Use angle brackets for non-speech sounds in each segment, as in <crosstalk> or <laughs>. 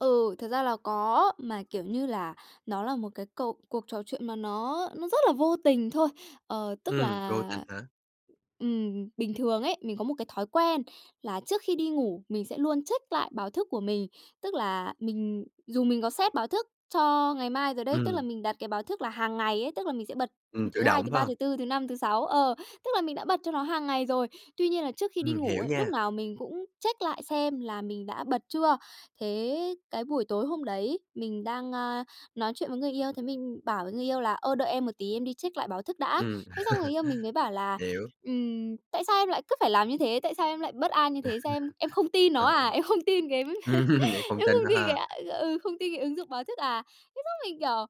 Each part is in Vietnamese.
Ừ, thật ra là có, mà, kiểu như là, nó là một cái cuộc cuộc trò chuyện mà nó nó rất là vô tình thôi. Ờ, tức Ừm, vô tình là, hả? ừm, bình thường ấy, mình có một cái thói quen là trước khi đi ngủ mình sẽ luôn check lại báo thức của mình. Tức là mình dù mình có set báo thức cho ngày mai rồi đấy, tức là Ừm. mình đặt cái báo thức là hàng ngày ấy, tức là mình sẽ bật Ừm, tự thứ Hai, động thứ phải Ba, hông? thứ Tư, thứ Năm, thứ Sáu. Ờ, tức là mình đã bật cho nó hàng ngày rồi. Tuy nhiên là trước khi đi Ừm, ngủ hiểu ấy, lúc nha. nào mình cũng check lại xem là mình đã bật chưa. Thế cái buổi tối hôm đấy mình đang, a, nói chuyện với người yêu, thế mình bảo với người yêu là "Ơ, đợi em một tí, em đi check lại báo thức đã." Ừm. Thế xong người yêu mình mới bảo <laughs> là Hiểu. "Ừm, tại sao em lại cứ phải làm như thế? Tại sao em lại bất an như thế? Sao em em không <laughs> tin nó Ờ. à? Em không tin cái <laughs> Ừm, vậy không em tin không tin cái ha. à, ừ, không tin cái ứng dụng báo thức à?" Thế xong mình, kiểu,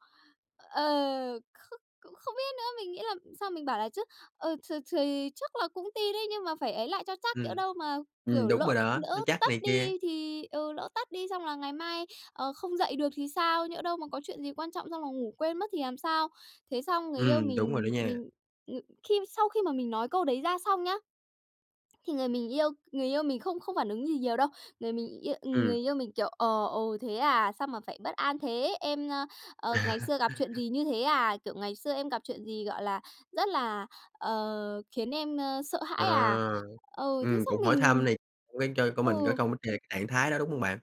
ờ không cũng không biết nữa. Mình nghĩ là sau mình bảo là chứ: "Ờ, th thì chắc là cũng tin đấy nhưng mà phải ấy lại cho chắc. Nhỡ Ừm. đâu mà, Ừm, kiểu, đúng lỡ rồi đó, lỡ cho chắc tắt này kia. đi thì ừ, lỡ tắt đi xong là ngày mai, ờ, không dậy được thì sao? Nhỡ đâu mà có chuyện gì quan trọng xong là ngủ quên mất thì làm sao?" Thế xong người yêu Ừm, đúng rồi đó mình nha. mình ừm, khi sau khi mà mình nói câu đấy ra xong nhá, thì người mình yêu người yêu mình không không phản ứng gì nhiều đâu. Người mình yêu người Ừm. yêu mình, kiểu, ờ: "Ồ, thế à, sao mà phải bất an thế? Em, ơ, ờ, ngày xưa gặp chuyện <laughs> gì như thế à? Kiểu, ngày xưa em gặp chuyện gì, gọi là, rất là, ờ, khiến em, ơ, sợ À, hãi à?" Ừ, thế ừm, xong cũng hỏi mình thăm này cố gắng cho của mình có Ừ. công trạng trạng thái đó, đúng hông bạn?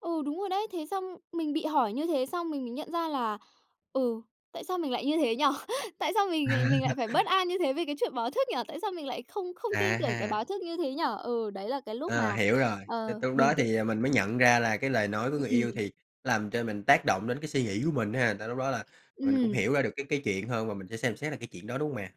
Ừ, đúng rồi đấy. Thế xong mình bị hỏi như thế xong mình mới nhận ra là, ừ, "Tại sao mình lại như thế nhỉ? Tại sao mình mình lại <laughs> phải bất an như thế vì cái chuyện báo thức nhỉ? Tại sao mình lại không không À tin tưởng cái ha. báo thức như thế nhỉ?" Ừ, đấy là cái lúc À, mà, hiểu rồi. ờ, T lúc đó mình tự thì mình mới nhận ra là cái lời nói của người yêu Ừm. thì làm cho mình tác động đến cái suy nghĩ của mình ha. Tại lúc đó là mình cũng Ừm. hiểu ra được cái cái chuyện hơn và mình sẽ xem xét lại cái chuyện đó, đúng không mè?